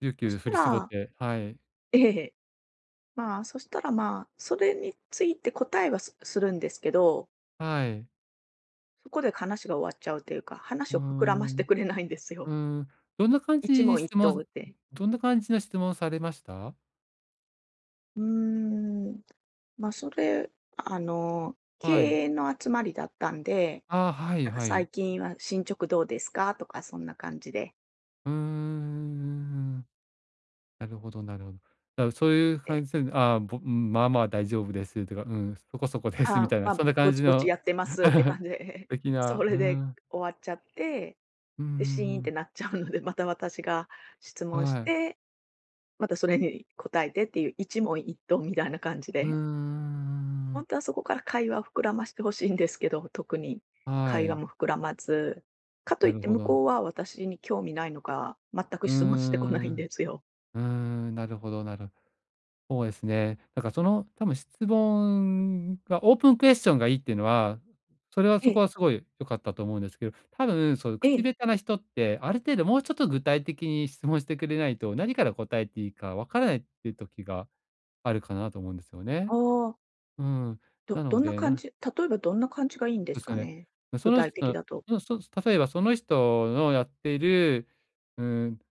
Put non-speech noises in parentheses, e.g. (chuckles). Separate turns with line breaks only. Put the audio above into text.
ゆうき
そ
ゅう
し
振
た
り絞っ
ら
てはい。
え、へへ、まあ、そしたら、まあ、それについて答えは、すするんですけど
はい。
ここでかなしが終わっちゃうっていうか、
う
話
ー
を膨らまし
ん。
てくれないんです
うー
よ。
ん、どんな感じ
一問
に
一
質
答
問
で。
どんな感じの質問されました？
うーん。ま、それ、あの、経
はい。
営の集まりだったんで、
ああ、はい、
なんか
はい。
「最近は、進捗どうですか？」とかそんな感じで。
うんうんうんうんうん。なるほど、なるほだか、そういう感
で
じすんのああ、ぼうん「まあまあ大丈夫です」てか、うん「そこそこです」
「は
み
あ、
たいな、そ
ま、
んな感
ぼ
じ
ちぼち
の
やってます」って感
(laughs)
じで、
的
(chuckles) そ
な、うー
れで
ん。
終わっちゃって、
うんうん
で、シーンっ
う
て
ん。
なっちゃうので、また私が質問し
はい。
てまたそれに答えてっていう、一問一答みたいな感じ
うんうん
で？
うんう
ほん
ん。
とはそこから会話を膨らまして欲しいんですけど、特に
は
会話
い。
も膨らまず、かとい
な
っ
る
て
ほ
向
ど。
こうは私に興味ないのか全く
う
質問してこな
ん、うー
いん
ん。
ですよ。
うーん、なるほど、なる。ほうえすね、だからその、多分、質問が、オープンクエスチョンがいいっていうのは、それは
へ
そこ
え。
はすごい良かったと思うんですけど、多分、そういう
え
口
え。
下手な人ってある程度もうちょっと具体的に質問してくれないと、何から答えていいかわからないって時があるかなと思うんですよ
あ
ね。
あ。
うん、
ど
な
ど
の
んな
で、
感
な
じ？例えばどんな感じがいいんで
で
す
すよ
か
ね。
ね？
ま、そ
具
の
体的
人
だと。
の、そ例えばその人のやっている、うーん